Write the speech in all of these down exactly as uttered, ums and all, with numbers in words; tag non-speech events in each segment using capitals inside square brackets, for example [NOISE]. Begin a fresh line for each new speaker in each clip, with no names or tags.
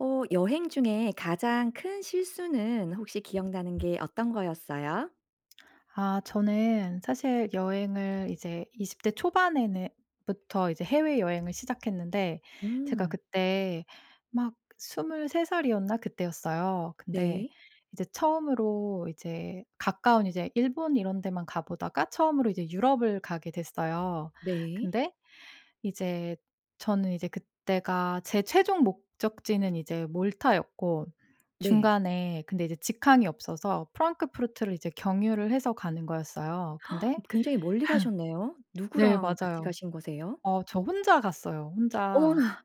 어 여행 중에 가장 큰 실수는 혹시 기억나는 게 어떤 거였어요?
아 저는 사실 여행을 이제 이십 대 초반에는 부터 이제 해외여행을 시작했는데 제가
음.
그때 막 스물세 살이었나 그때였어요. 근데
네.
이제 처음으로 이제 가까운 이제 일본 이런 데만 가보다가 처음으로 이제 유럽을 가게 됐어요.
네.
근데 이제 저는 이제 그때가 제 최종 목적지는 이제 몰타였고
네.
중간에 근데 이제 직항이 없어서 프랑크푸르트를 이제 경유를 해서 가는 거였어요. 근데
[GASPS] 굉장히 멀리 가셨네요.
[LAUGHS] 네
누구랑 같이
맞아요.
가신 거세요?
어 저 혼자 갔어요. 혼자
어머나.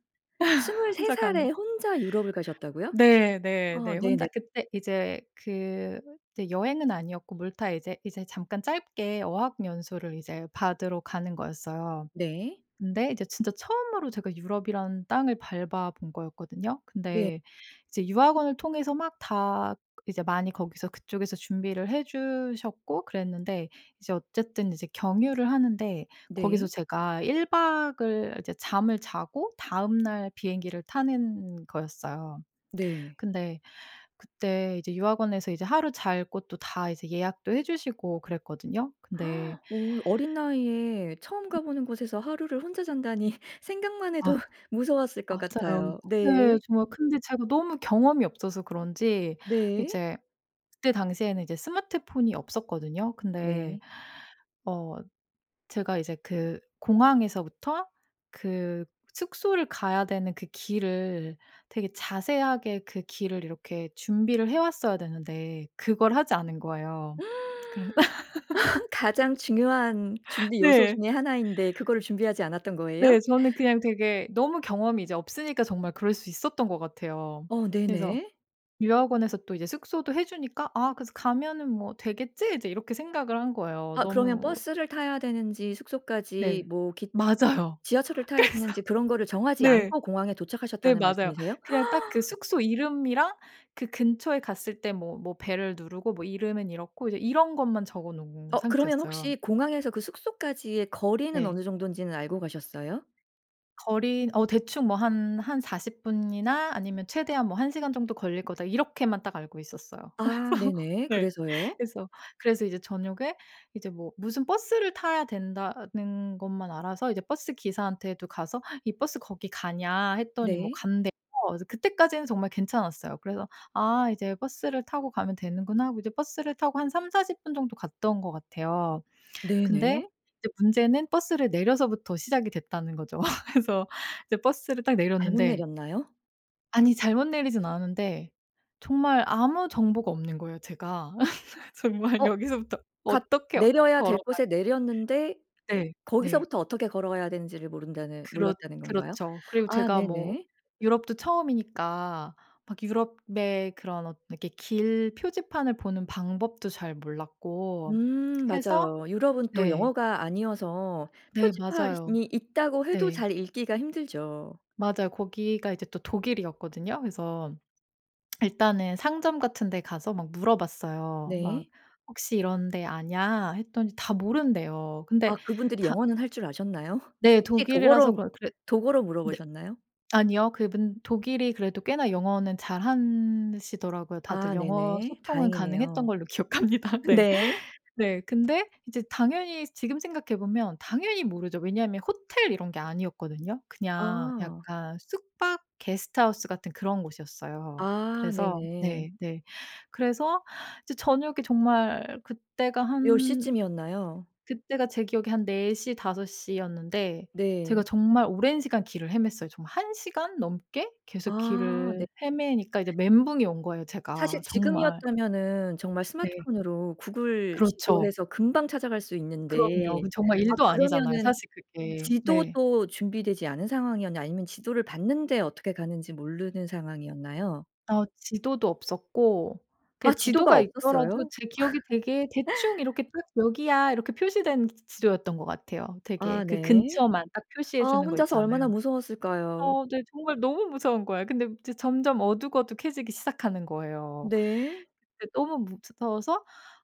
스물세
혼자 가는
살에 혼자 유럽을 가셨다고요?
네 네
아
네. 혼자
네네.
그때 이제 그 이제 여행은 아니었고 물타 이제 이제 잠깐 짧게 어학연수를 이제 받으러 가는 거였어요.
네.
근데 이제 진짜 처음으로 제가 유럽이란 땅을 밟아본 거였거든요.
네.
근데 이제 유학원을 통해서 막 다 이제 많이 거기서 그쪽에서 준비를 해 주셨고 그랬는데 이제 어쨌든 이제 경유를 하는데 거기서
네.
제가 일 박을 이제 잠을 자고 다음날 비행기를 타는 거였어요.
네.
근데 그때 이제 유학원에서 이제 하루 잘 곳도 다 이제 예약도 해 주시고 그랬거든요. 근데
[GASPS] 오 어린 나이에 처음 가보는 곳에서 하루를 혼자 잔다니 생각만 해도
아
무서웠을 것
맞아요.
같아요.
네
네.
정말 근데 제가 너무 경험이 없어서 그런지
네.
이제 그때 당시에는 이제 스마트폰이 없었거든요. 근데
네.
어 제가 이제 그 공항에서부터 그 숙소를 가야 되는 그 길을 되게 자세하게 그 길을 이렇게 준비를 해왔어야 되는데 그걸 하지 않은
[GASPS]
거예요. 그래 [LAUGHS]
[LAUGHS] 가장 중요한 준비 요소
네.
중에 하나 인데 그거를 준비하지 않았던 거예요?
네 저는 그냥 되게 너무 경험이 이제 없으니까 정말 그럴 수 있었던 것 같아요.
어
그래서
네네.
유학원에서 또 이제 숙소도 해 주니까 아 그래서 '가면은 뭐 되겠지?' 이제 이렇게 생각을 한 거예요.
아 그러면
너무
버스를 타야 되는지 숙소까지
네
뭐 기
맞아요.
지하철을 타야
그래서
되는지 그런 거를 정하지
네.
않고 공항에
네
도착하셨다는
맞아요.
말씀이세요?
그냥 딱 그
[GASPS]
숙소 이름이랑 그 근처에 갔을 때 뭐 뭐 벨을 누르고 뭐 이름은 이렇고 이제 이런 것만 적어 놓은
어 그러면
상태였어요.
혹시 공항에서 그 숙소까지의 거리는
네.
어느 정도인지는 알고 가셨어요?
거리는 어 대충 뭐 '한 한 사십 분이나 아니면 최대한 뭐 한 시간 정도 걸릴 거다.' 이렇게만 딱 알고 있었어요.
아
그래서
네네.
네.
그래서요?
그래서, 그래서 이제 저녁에 이제 뭐 무슨 버스를 타야 된다는 것만 알아서 이제 버스 기사한테도 가서 '이 버스 거기 가냐.' 했더니 뭐
네.
간대요. 그래서 그때까지는 정말 괜찮았어요. 그래서 '아 이제 버스를 타고 가면 되는구나.' 하고 이제 버스를 타고 한 삼사십 분 정도 갔던 것 같아요. 근데
네네.
이제 문제는 버스를 내려서부터 시작이 됐다는 거죠. [LAUGHS] 그래서 이제 버스를 딱
잘못
내렸는데
내렸나요?
아니 잘못 내리지는 않았는데 정말 아무 정보가 없는 거예요 제가. [LAUGHS] 정말
어
여기서부터
가
어떻게
내려야 될
걸어가야
곳에 내렸는데
네. 네.
거기서부터 어떻게 걸어가야 되는지를 모른다는
그렇
몰랐다는 건가요?
그렇죠. 그리고
아
제가 뭐
네네.
유럽도 처음이니까 막 유럽의 그런 엇 이렇게 길 표지판을 보는 방법도 잘 몰랐고
음
해서
맞아요. 유럽은 또
네.
영어가 아니어서
네 맞아요.
표지판이 있다고 해도
네.
잘 읽기가 힘들죠.
맞아요. 거기가 이제 또 독일이었거든요. 그래서 [SMACKS LIPS] 일단은 상점 같은 데 가서 막 물어봤어요. 막
네.
'혹시 이런데 아냐.' 했더니 다 모른대요.
아
근데
그분들이
다
영어는 할 줄 아셨나요?
네
[LAUGHS] 혹시
독일이라서
독어로,
그러 그래
독어로
네.
물어보셨나요?
아니요. 그분 독일이 그래도 꽤나 영어는 잘한 시더라고요. 다들
아
영어
네네.
소통은 가능했던
다행이네요.
걸로 기억합니다. 네.
네.
네. 근데 이제 당연히 지금 생각해 보면 당연히 모르죠. 왜냐하면 호텔 이런 게 아니었거든요. 그냥
아.
약간 숙박 게스트하우스 같은 그런 곳이었어요.
아
그래서
네네.
네 네 그래서 이제 저녁에 정말 그때가
몇
한
시쯤이었나요?
그때가 제 기억에 한 네 시, 다섯 시였는데 제가
네.
정말 오랜 시간 길을 헤맸어요. 정말 한 시간 넘게 계속
아 네.
길을 헤매니까 이제 멘붕이 온 거예요
사실
제가 정말.
지금이었다면은 정말
네.
스마트폰으로 구글
그렇죠.
지도해서 금방 찾아갈 수 있는데
그럼요. 그 정말
아
일도 아니잖아요
그러면은
사실 그게. 네.
지도도 준비되지 않은 상황이었나요 아니면 지도를 봤는데 어떻게 가는지 모르는 상황이었나요?
어 지도도 없었고 그냥
아 지도가
지도가 있더라도
없었어요?
제 기억에 되게 대충
[LAUGHS]
이렇게 딱 '여기야.' 이렇게 표시된 지도였던 것 같아요. 되게
아
그
네.
근처만 딱 표시해
아
주는 거
혼자서
있잖아요.
얼마나 무서웠을까요?
어 네 정말 너무 무서운 거예요. 근데 이제 점점 어둑어둑해지기 시작하는 거예요.
네.
근데 너무 무서워서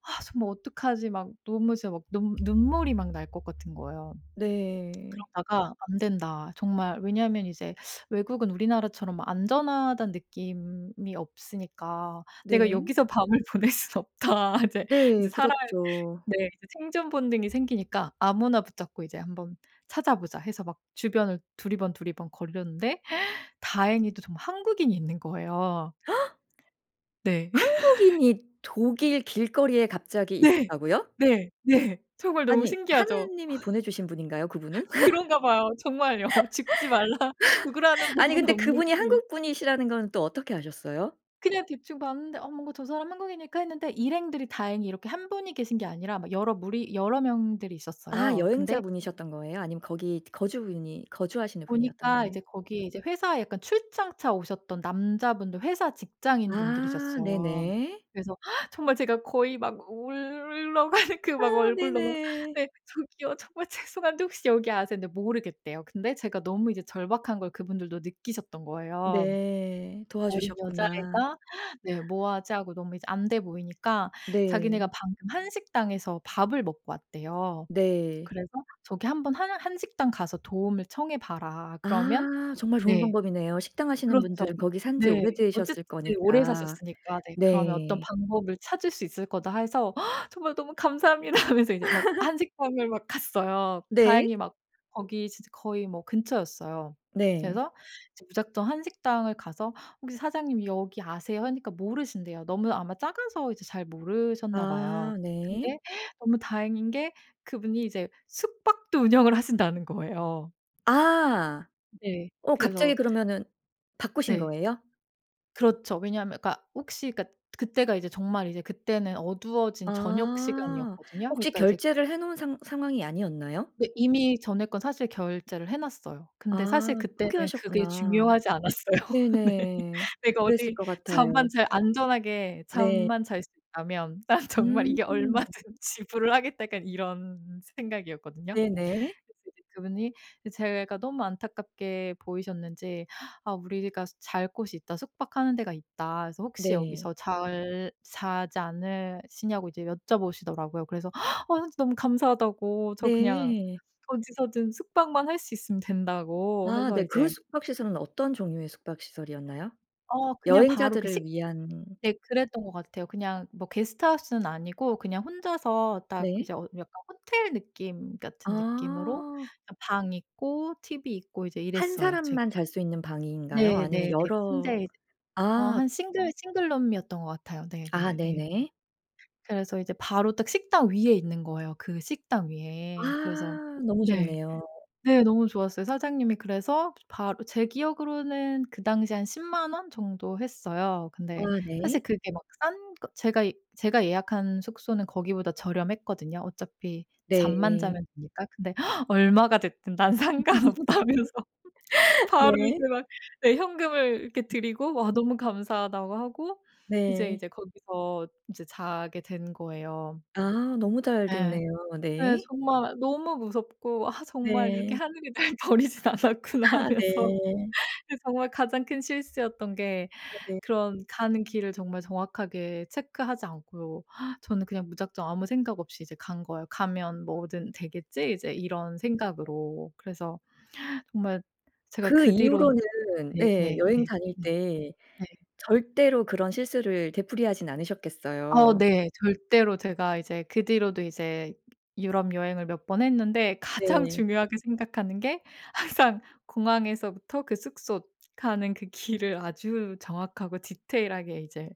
'아 정말 어떡하지.' 막 너무 진짜 막 너무 눈물이 막 날 것 같은 거예요.
네.
그러다가 '안된다. 정말' 왜냐하면 이제 외국은 우리나라처럼 안전하다는 느낌이 없으니까 '내가
네.
여기서 밤을 보낼 수는 없다.' 이제
네.
이제 살아야
그렇죠.
네 이제 생존 본능이 생기니까 아무나 붙잡고 '이제 한번 찾아보자.' 해서 막 주변을 두리번두리번 거렸는데 [GASPS] 다행히도 정말 한국인이 있는 거예요.
[GASPS]
네. [LAUGHS]
한국인이 독일 길거리에 갑자기
네.
있었다고요?
네. 네. 정말 너무
아니
신기하죠.
하느님이 보내주신 분인가요?
[LAUGHS]
그분은?
그런가 봐요. 정말요. 죽지 말라 죽으라는
[LAUGHS] 아니
법은
근데 그분이
없는지.
한국 분이시라는 건 또 어떻게 아셨어요?
그냥 대충 봤는데 '어 뭔가 저 사람 한국인일까?' 했는데 일행들이 다행히 이렇게 한 분이 계신 게 아니라 막 여러 무리 여러 명들이
아
있었어요. 근데
여행자분이셨던 거예요? 아니면 거기 거주 분이 거주하시는 분이었던
보니까
거예요?
이제 거기에 이제 회사에 약간 출장차 오셨던 남자분들 회사 직장인
아
분들이셨어요.
네네.
그래서 정말 제가 거의 막 울러 가는 그
아
막 얼굴로 막
네네.
"네 저기요. 정말 죄송한데 혹시 여기 아세요?" 했는데 모르겠대요. 근데 제가 너무 이제 절박한 걸 그분들도 느끼셨던 거예요.
네.
어린
도와주셨구나.
여자애가 네 "뭐 하지?" 하고 너무 이제 안 돼 보이니까 자기네가
네.
방금 한식당에서 밥을 먹고 왔대요.
네.
그래서 저기 한번 "한 한식당 가서 도움을 청해 봐라." 그러면
아 정말 좋은
네.
방법이네요. 식당 하시는
그렇죠.
분들은 거기 산지
네. 어쨌든
오래되셨을
네 오래
거니까.
사셨으니까 네 "그러면 어떤
네.
방법을 찾을 수 있을 거다." 해서 정말 "너무 감사합니다." 하면서 이제 막
[LAUGHS]
한식당을 막 갔어요.
네.
다행히 막 거기 진짜 거의 뭐 근처였어요.
네.
그래서 이제 무작정 한식당을 가서 "혹시 사장님 여기 아세요?" 하니까 모르신대요. 너무 아마 작아서 이제 잘 모르셨나 봐요.
아 네.
근데 너무 다행인 게 그분이 이제 숙박도 운영을 하신다는 거예요.
아.
네.
어
그래서
갑자기 그러면은 바꾸신
네.
거예요?
그렇죠. 왜냐하면 그러니까 혹시 그러니까 그때가 이제 정말 이제 그때는 어두워진
아.
저녁시간이었거든요.
혹시
그러니까 이제
결제를 해 놓은 상 상황이 아니었나요?
네, 이미 전에 건 사실 결제를 해 놨어요. 근데 사실
아
그때는 그게
포기하셨구나.
중요하지 않았어요. 네. [LAUGHS]
네네.
내가
그랬을
어디
것 같아요.
잠만 잘 안전하게
네.
잠만 잘 수 있다면 '난 정말
음.
이게 얼마든 지불을 하겠다.' 약간 이런 생각이었거든요.
네네.
그래서 이제 그분이 이 제가 너무 안타깝게 보이셨는지 "아 우리가 잘 곳이 있다. 숙박하는 데가 있다. 그래서 혹시
네.
여기서 잘 자지 않으시냐?"고 이제 여쭤보시더라고요. 그래서 "아 진 너무 감사하다."고 "저 그냥
네.
어디서든 숙박만 할 수 있으면 된다."고
아
해서
네. 그
이제
숙박 시설은 어떤 종류의 숙박 시설이었나요?
어 그냥 바로 그 식
여행자들을 위한
네 그랬던 것 같아요. 그냥 뭐 게스트하우스는 아니고 그냥 혼자서 딱
네.
이제 어 약간 호텔 느낌 같은 느낌으로
아.
그냥 방 있고 tv 있고 이제
한
이랬어요. 제
사람만 잘 수 있는 방인가요? 아니면
네네네.
여러
침대에 이제 어
아.
한 싱글 싱글룸이었던 것 같아요.
아
네네네.
네네.
그래서 이제 바로 딱 식당 위에 있는 거예요 그 식당 위에. 그래서
아 너무
네.
좋네요.
네, 너무 좋았어요. 사장님이 그래서 바로 제 기억으로는 그 당시에 한 십만 원 정도 했어요. 근데
아
사실
네.
그게 막 싼 거 제가 이 제가 예약한 숙소는 거기보다 저렴했거든요. 어차피 잠만
네.
자면 되니까. 근데 [GASPS] 얼마가 됐든 난 상관없다면서
[LAUGHS]
바로 이제
네.
막 네 현금을 이렇게 드리고 와 "너무 감사하다."고 하고 이제,
네.
이제 거기서 이제 자게 된 거예요.
아 너무 잘
예.
됐네요.
예
네.
정말 너무 무섭고 '아 정말 이렇게
네.
하늘이 날 버리진 않았구나.'
아
하면서
네.
그 정말 가장 큰 실수였던 게
아 네.
그런 가는 길을 정말 정확하게 체크하지 않고 저는 그냥 무작정 아무 생각 없이 이제 간 거예요. '가면 뭐든 되겠지?' 이제 이런 생각으로. 그래서 정말 제가
그
그 뒤론
이후로는 예 여행
네네네네.
다닐 때
네.
절대로 그런 실수를 되풀이하진
어
않으셨겠어요.
네. 절대로 제가 이제 그 뒤로도 이제 유럽 여행을 몇 번 했는데 가장
네.
중요하게 생각하는 게 항상 공항에서부터 그 숙소 가는 그 길을 아주 정확하고 디테일 하게 이제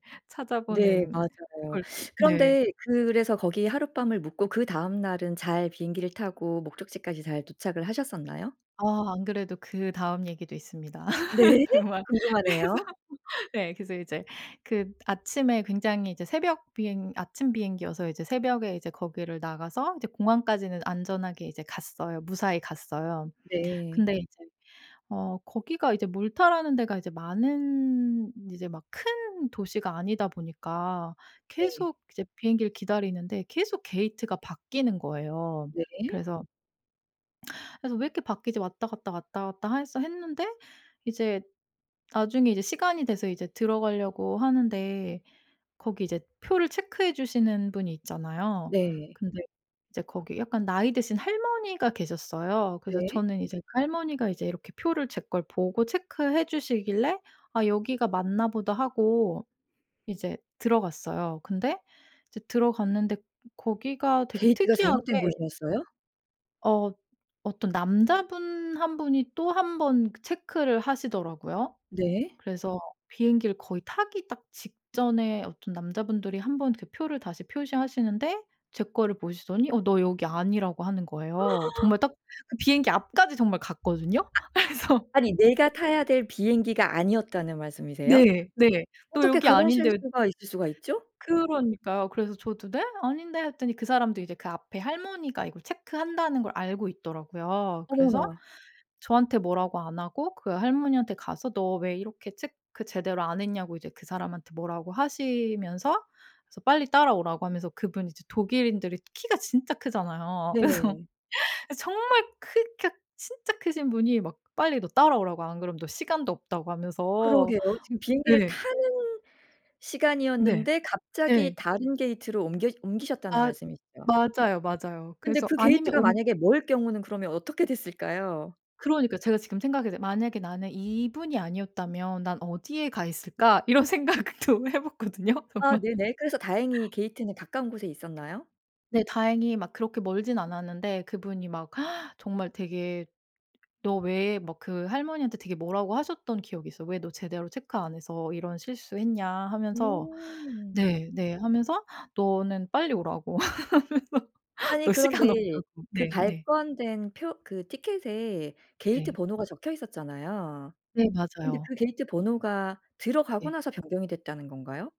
네
찾아보는
맞아요.
걸 네.
그런데 그래서 거기에 하룻밤을 묵고 그다음 날은 잘 비행기를 타고 목적지까지 잘 도착을 하셨었나요?
아 안 그래도 그다음 얘기도 있습니다.
네.
[LAUGHS] 정말 그래서
궁금하네요.
[LAUGHS] 예 그래서 이제 그 아침에 굉장히 이제 새벽 비행 아침 비행기여서 이제 새벽에 이제 거기를 나가서 이제 공항까지는 안전하게 이제 갔어요. 무사히 갔어요.
네.
근데 이제 어 거기가 이제 몰타라는 데가 이제 많은 이제 막 큰 도시가 아니다 보니까
네.
계속 이제 비행기를 기다리는데 계속 게이트가 바뀌는 거예요.
네.
그래서 그래서 왜 이렇게 바뀌지 왔다 갔다 왔다 갔다 해서 했는데 이제 나중에 이제 시간이 돼서 이제 들어가려고 하는데 거기 이제 표를 체크해 주시는 분이 있잖아요.
네.
근데 이제 거기 약간 나이 드신 할머니가 계셨어요. 그래서
네.
저는 이제 그 할머니가 이제 이렇게 표를 제 걸 보고 체크해 주시길래 '아 여기가 맞나 보다.' 하고 이제 들어갔어요. 근데 이제 들어갔는데 거기가 되게
게이트가
특이하게
잘못된 곳이었어요?
어. 어떤 남자분 한 분이 또 한 번 그 체크를 하시더라고요.
네.
그래서 비행기를 거의 타기 딱 직전에 어떤 남자분들이 한 번 그 표를 다시 표시하시는데 제 거를 보시더니 어 너 여기 아니라고 하는 거예요.
[GASPS]
정말 딱 그 비행기 앞까지 정말 갔거든요. 그래서
아니 내가 타야 될 비행기가 아니었다는 말씀이세요?
네. 네. "너
어떻게
여기
그런
아닌데"
실수가 있을 수가 있죠?
그러니까요. 그래서 저도 "네? 아닌데." 했더니 그 사람도 이제 그 앞에 할머니가 이걸 체크한다는 걸 알고 있더라고요. 그래서
어머나.
저한테 뭐라고 안 하고 그 할머니한테 가서 너 왜 이렇게 체크 제대로 안 했냐고 이제 그 사람한테 뭐라고 하시면서 그래서 빨리 따라오라고 하면서 그분이 이제 독일인들이 키가 진짜 크잖아요. 그래서, [LAUGHS]
네.
그래서 정말 크 키가 진짜 크신 분이 막 빨리 너 따라오라고 안 그러면 너 시간도 없다고 하면서
그러게요. 지금 비행기를
네.
타는
네.
시간이었는데
네.
갑자기 다른 게이트로 옮겨 옮기셨다는
맞
말씀이시죠?
맞아요. 맞아요.
근데
그래서
그
아니면
게이트가
옮
만약에 멀 경우는 그러면 어떻게 됐을까요?
그러니까 제가 지금 생각했는데 만약에 나는 이분이 아니었다면 난 어디에 가 있을까 이런 생각도 해 봤거든요
아
정말.
네네. 그래서 다행히 게이트는 가까운 곳에 있었나요?
네. 다행히 막 그렇게 멀진 않았는데 그분이 막 [GASPS] 정말 되게 너 왜 막 그 할머니한테 되게 뭐라고 하셨던 기억이 있어요. "왜 너 제대로 체크 안 해서 이런 실수했냐." 하면서
음.
네 네. 하면서 "너는 빨리 오라고." [LAUGHS] 하면서
아니
너 시간
그런데
없다고.
그
네 네.
발권된 표 그 티켓에 게이트
네.
번호가 적혀 있었잖아요.
네
근데
맞아요.
그 게이트 번호가 들어가고
네.
나서 변경이 됐다는 건가요?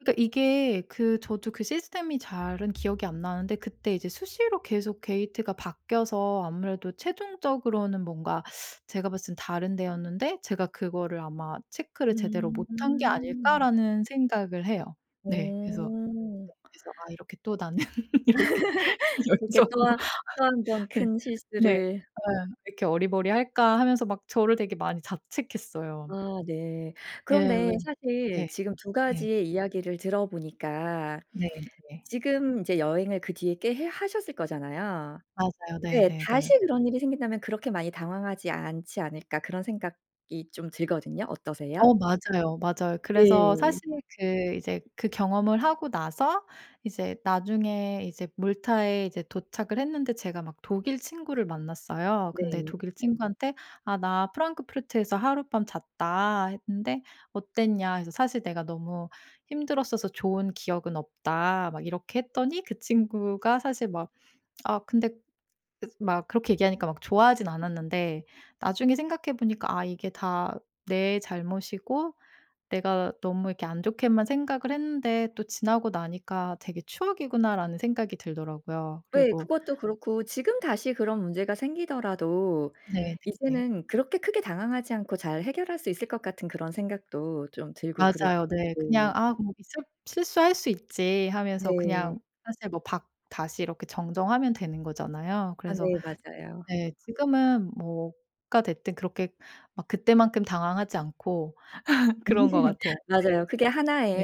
그러니까 이게 그 저도 그 시스템이 잘은 기억이 안 나는데 그때 이제 수시로 계속 게이트가 바뀌어서 아무래도 최종적으로는 뭔가 제가 봤을 땐 다른 데였는데 제가 그거를 아마 '체크를 제대로 못한 게
음.
아닐까?'라는 생각을 해요. 네. 그래서
오.
네 그래서 아 이렇게 또 나는 이렇게
[LAUGHS] 이렇게 또
여기저기로
하 또 한
[LAUGHS]
번
네.
큰
네.
실수를
'아유 이렇게 어리바리할까.' 하면서 막 저를 되게 많이 자책했어요.
아 네.
예 왜.
그런데 사실
네.
지금 두
네.
가지의 이야기를 들어 보니까
네 네.
지금 이제 여행을 그 뒤에 꽤 해 하셨을 거잖아요.
맞아요.
예. 다시
네네네.
그런 일이 생긴다면 그렇게 많이 당황하지 않지 않을까. 그런 생각이 좀 들거든요. 어떠세요?
어 맞아요, 맞아요. 그래서
네.
사실 그 이제 그 경험을 하고 나서 이제 나중에 이제 몰타에 이제 도착을 했는데 제가 막 독일 친구를 만났어요. 근데
네.
독일 친구한테 "아 나 프랑크푸르트에서 하룻밤 잤다." 했는데 "어땠냐?" 해서 "사실 내가 너무 힘들었어서 좋은 기억은 없다." 막 이렇게 했더니 그 친구가 사실 막 아 근데 막 그렇게 얘기하니까 막 좋아하진 않았는데 나중에 생각해 보니까 아 이게 다 내 잘못이고 내가 너무 이렇게 안 좋게만 생각을 했는데 또 지나고 나니까 '되게 추억이구나.'라는 생각이 들더라고요.
예.
그리고
그것도 그렇고 지금 다시 그런 문제가 생기더라도
네네네.
이제는 그렇게 크게 당황하지 않고 잘 해결할 수 있을 것 같은 그런 생각도 좀 들고 그릇
맞아요. 네. 그냥
네.
아 뭐 실 '실수할 수 있지.' 하면서
네.
그냥 사실 뭐 박 다시 이렇게 정정하면 되는 거잖아요.
아
그래서
네 맞아요.
네. 지금은 뭐가 됐든 그렇게 막 그때만큼 당황하지 않고 [LAUGHS] 그런 것
[LAUGHS]
같아요. 네.
맞아요. 그게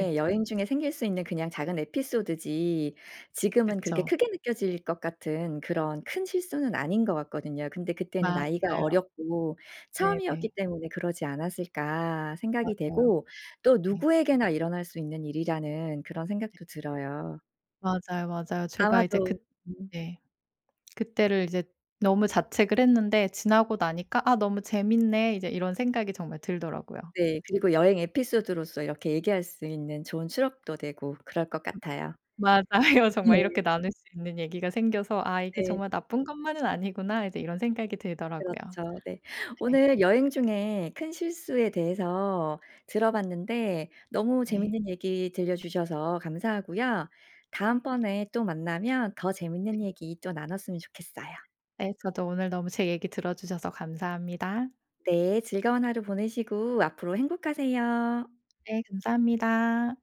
네.
여행 중에 생길 수 있는 그냥 작은 에피소드지 지금은 그렇게
그쵸.
크게 느껴질 것 같은 그런 큰 실수는 아닌 것 같거든요. 근데 '그때는 나이가
맞아요.
어렸고
네
처음이었기
네.
때문에 그러지 않았을까?' 생각이
맞아요.
되고 또
네.
누구에게나 일어날 수 있는 일이라는 그런
네.
생각도 들어요.
맞아요, 맞아요. 제가 이제 그
아마도 음.
네. 그때를 이제 너무 자책을 했는데 지나고 나니까 '아 너무 재밌네.' 이제 이런 생각이 정말 들더라고요.
네. 그리고 여행 에피소드로서 이렇게 얘기할 수 있는 좋은 추럭도 되고 그럴 것
음.
같아요.
맞아요.
네.
정말 이렇게 나눌 수 있는 얘기가 생겨서 '아 이게
네.
정말 나쁜 것만은 아니구나.' 이제 이런 생각이 들더라고요.
그렇죠 네.
네.
오늘 여행 중에 큰 실수에 대해서 들어 봤는데 너무
네.
재미있는 얘기 들려주셔서 감사하고요. 다음번에 또 만나면 더 재미있는 얘기 또 나눴으면 좋겠어요.
네 저도 오늘 너무 제 얘기 들어 주셔서 감사합니다.
네. 즐거운 하루 보내시고 앞으로 행복하세요.
네. 감사합니다.